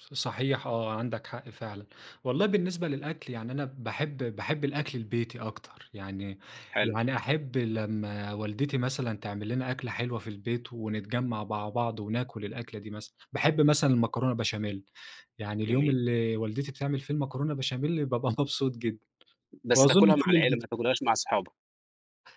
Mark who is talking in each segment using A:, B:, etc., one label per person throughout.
A: صحيح آه، عندك حق فعلًا، والله بالنسبة للأكل يعني، أنا باحب باحب الأكل البيتي أكتر، يعني
B: حلو.
A: يعني أحب لما والدتي مثلًا تعمل لنا أكلة حلوة في البيت ونتجمع مع بعض وناكل الأكلة دي مثلًا، باحب مثلًا المكرونة بشاميل، يعني اليوم
B: جميل.
A: اللي والدتي بتعمل فيه المكرونة بشاميل بابقى مبسوط جدًا،
B: بس
A: وأظن
B: تاكلها مع
A: كل
B: العيلة،
A: البيت
B: ما تاكلهاش مع صحابك.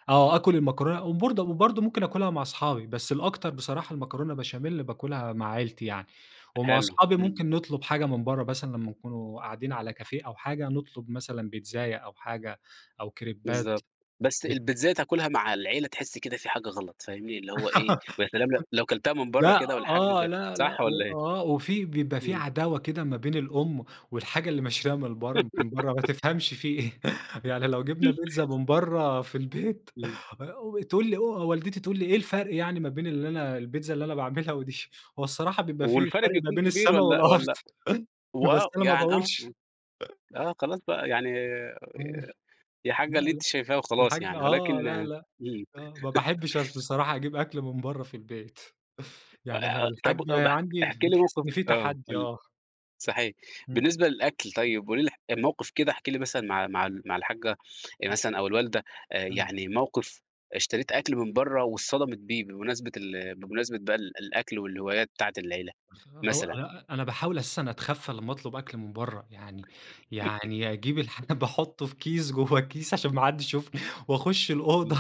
A: آه آكل المكرونة، وبرض وبرضه ممكن آكلها مع أصحابي، بس الأكتر بصراحة المكرونة بشاميل بآكلها مع عيلتي يعني، ومع
B: حلو
A: أصحابي
B: إمم.
A: ممكن نطلب حاجة من برّه مثلًا، لما نكون قاعدين على كافيه أو حاجة، نطلب مثلًا بيتزايا أو حاجة أو كريبات
B: بالضبط، بس
A: ب
B: البيتزايا تاكلها مع العيلة تحس كده في حاجة غلط، فاهمني؟ اللي هو إيه، ويا سلام لو لو كلتها من برّه
A: لأ،
B: كده والّحاجّة
A: آه،
B: ج
A: لأ، لأ
B: صح والَّا إيه؟
A: وآه، وفي بيبقى في
B: إمم.
A: عداوة كده ما بين الأم، والحاجة اللي مشتريها من برّه من برّه ما تفهمش في إيه يعني. لو جِبنا بيتزا من برّه في البيت،
B: إمم.
A: آآ تقول لي أ والدتي تقول لي إيه الفرق يعني ما بين اللي أنا البيتزا اللي أنا باعملها ودي؟ هو الصراحة بيبقى في
B: والفرق
A: فرق ما
B: بيكون
A: بين
B: كبير،
A: السما
B: والَّا
A: والأرض،
B: والَّا و
A: بس
B: آه،
A: أنا ما
B: يعني آه،
A: باقولش.
B: آه، خلاص بقى يعني
A: إمم
B: يا حاجّة
A: لأ،
B: اللي أنتِ
A: لأ،
B: شايفاه وخلاص،
A: الحاجّة
B: يعني
A: آه
B: ولكن
A: لأ، لأ،
B: إمم.
A: آه، ما باحبش أص بصراحة أجيب أكل من برّه في البيت، يعني
B: آآ طب
A: الحاجّة
B: [unintelligible]
A: عندي
B: احكِ لي
A: بتحس
B: موقف
A: إن في
B: آه
A: تحدي
B: قُل لي
A: آه.
B: صحيح
A: إمم.
B: بالنسبة للأكل، طيب [unintelligible] موقف كده احكِ لي مثلًا مع مع ال مع الحاجّة
A: إمم.
B: مثلًا أو الوالدة آآ
A: إمم.
B: يعني، موقف اشتريت أكل من برّه واتصدمِت بيه، بمناسبة ال بمناسبة بقى ال الأكل والهوايات بتاعة العيلة
A: هو
B: مثلًا.
A: آآ أنا باحاول أساسًا أتخفّى لما أطلب أكل من برّه يعني يعني أجيب الحاجة، باحطه في كيس جوّه الكيس عشان ما حدش يشوفني وأخش الأوضة
B: إمم.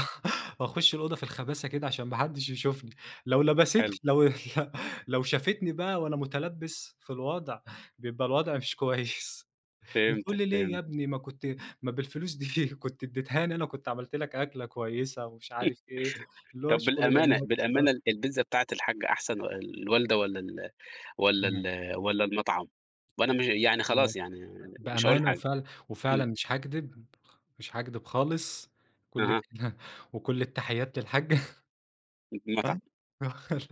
A: وأخش الأوضة في الخباثة كده عشان ما حدش يشوفني، لو لبست
B: حلو.
A: لو ل لو شافتني بقى وأنا مُتلبَس في الوضع، بيبقى الوضع مش كويس. بتقول
B: فهمتك،
A: لي ليه يا
B: فهمتك.
A: ابني، ما كنت ما بالفلوس دي كنت اديتهاني أنا كنت عملت لك أكلة كويسة ومش عارف إيه، اللي هو
B: طب
A: شغل
B: بالأمانة
A: الأمهات
B: بالأمانة،
A: [unintelligible]
B: ال البيتزا بتاعة الحاجة أحسن والوالدة، والَّا ال والَّا
A: إمم.
B: ال والَّا المطعم، وأنا م يعني
A: لأ،
B: خلاص يعني مش هاقول
A: بأمانة،
B: حاجة،
A: وفعلًا
B: إمم.
A: وفعلًا مش هاكدب [unintelligible] مش هاكدب خالص، كل
B: اها.
A: [unintelligible] وكل التحيات للحاجّة،
B: المطعم.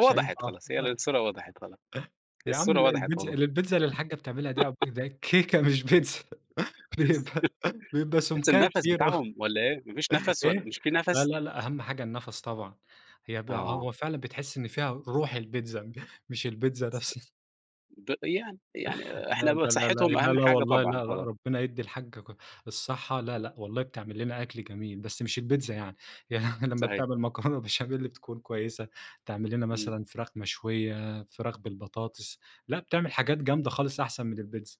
A: مش هينفع
B: خلاص، هي
A: [unintelligible]
B: الصورة وضْحت خلاص، هي
A: يا عم
B: الصورة
A: لأ،
B: وضحت
A: البيتزا
B: والله.
A: البيتزا اللي الحاجة بتعملها دي عب دي كيكة مش بيتزا، بيبقى بيبقى
B: بس
A: سُمكها
B: النَفَس
A: كبير أوي.
B: بتاعهم والَّا إيه، ما فيش نَفَس، والَّا
A: إيه،
B: مش في
A: لأ،
B: نَفَس؟
A: لأ، لأ، أهم حاجة النفس طبعًا. هي ب
B: آه.
A: هو فعلًا بتحس إن فيها روح البيتزا، مش البيتزا نفسها
B: د يعني يعني
A: لا،
B: إحنا ب
A: لا، لا، لا،
B: صحتهم أهم
A: لا، لا
B: حاجة
A: والله لا،
B: طبعًا
A: لا، لا،
B: خلاص.
A: ربنا يدِّي الحاجّة ك الصحة لا،
B: إمم.
A: لأ والله، بتعمل لنا أكل جميل، بس مش البيتزا يعني. يعني لما
B: صحيح.
A: بتعمل مكرونة بشاميل بتكون كويسة، تعمل لنا
B: إمم.
A: مثلًا فراخ مشوية، فراخ بالبطاطس، لأ بتعمل حاجات جامدة خالص أحسن من البيتزا.